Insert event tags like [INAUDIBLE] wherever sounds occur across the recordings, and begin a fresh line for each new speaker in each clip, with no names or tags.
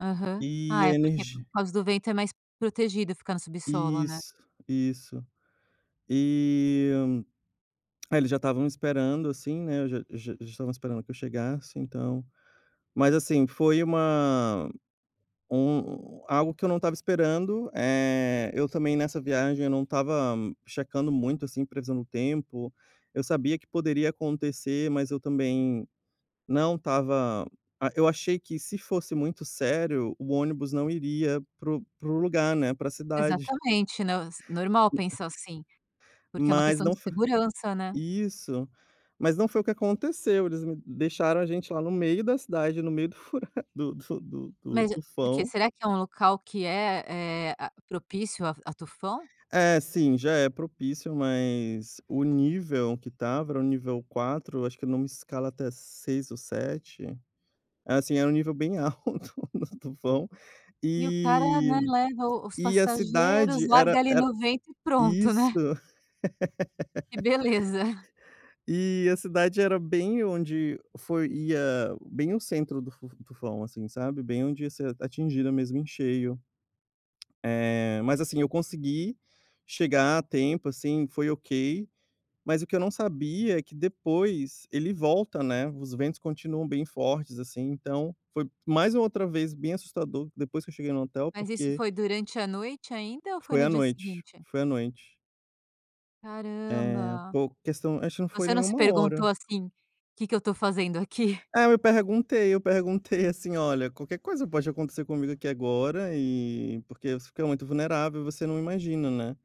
Aham.
E
Ah,
a
é porque por
energi
causa do vento é mais protegido ficar no subsolo, né?
Isso, isso. E é, eles já estavam esperando, assim, né, eu já já já estavam esperando que eu chegasse, então. Mas, assim, foi uma um algo que eu não estava esperando, eh, eu também nessa viagem eu não estava checando muito, assim, previsão do tempo, eu sabia que poderia acontecer, mas eu também não estava ah, eu achei que se fosse muito sério, o ônibus não iria para o para o lugar, né, pra cidade.
Exatamente, né, s normal
[UNINTELLIGIBLE]
pensar assim, porque é uma
Mas
questão
não
de
foi
segurança, né?
isso. Mas não foi o que aconteceu, eles m deixaram a gente lá no meio da cidade, no meio do fura do do fu do do
Mas é por quê?
tufão.
Será que é um local que é, eh, ah, propício a a tufão?
É, sim, já é propício, mas o nível que tava era o nível 4, acho que numa escala até 6 ou 7, é, assim, era um nível bem alto no tufão
E o cara,
e
né, leva o os
e a
passageiros,
cidade
larga
era
ali
era
no vento e pronto,
isso.
né? Que beleza.
[LAUGHS] E a cidade era bem onde foi ia bem o centro do fu do tufão, assim, sabe, bem onde ia ser atingida mesmo em cheio. Eh, mas, assim, eu consegui chegar a tempo, assim, foi ok, mas o que eu não sabia é que depois ele volta, né, os ventos continuam bem fortes, assim, então foi mais uma outra vez bem assustador, depois que eu cheguei no hotel,
Mas isso
porque
foi durante a noite ainda ou foi
Foi
no
à
dia
noite,
seguinte?
foi à noite. Eh,
Caramba.
pouco questão acho que não foi
Você
nem
não se
1
perguntou,
hora.
assim, "que que eu tô fazendo aqui?"?
É, me perguntei, eu perguntei, assim: "Olha, qualquer coisa pode acontecer comigo aqui agora", e porque você fica muito vulnerável e você não imagina, né,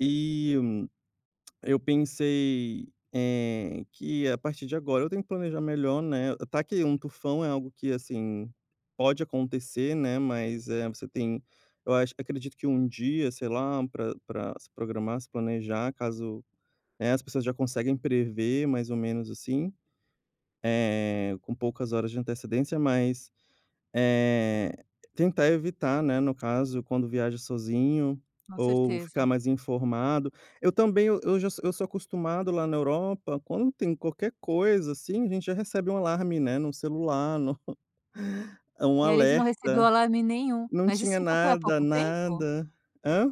e [CLICKS TONGUE] eu pensei, eh, que "a partir de agora eu tenho que planejar melhor, né". Tá que um tufão é algo que, assim, pode acontecer, né, mas, eh, você tem eu acho acredito que um dia, sei lá, pra pra se programar, se planejar, caso né, as pessoas já conseguem prever mais ou menos, assim, eh, com poucas horas de antecedência, mas, eh, tentar evitar, né, no caso, quando viaja sozinho
Com
ou ficar
certeza.
mais informado. Eu também, eu já so eu sou acostumado lá na Europa quando tem qualquer coisa, assim, a gente já recebe um alarme, né, no celular, no é, um
E ali você não recebeu
alerta.
alarme nenhum.
Não
Mas isso
tinha
então foi há
nada,
pouco tempo?
nada. Hã?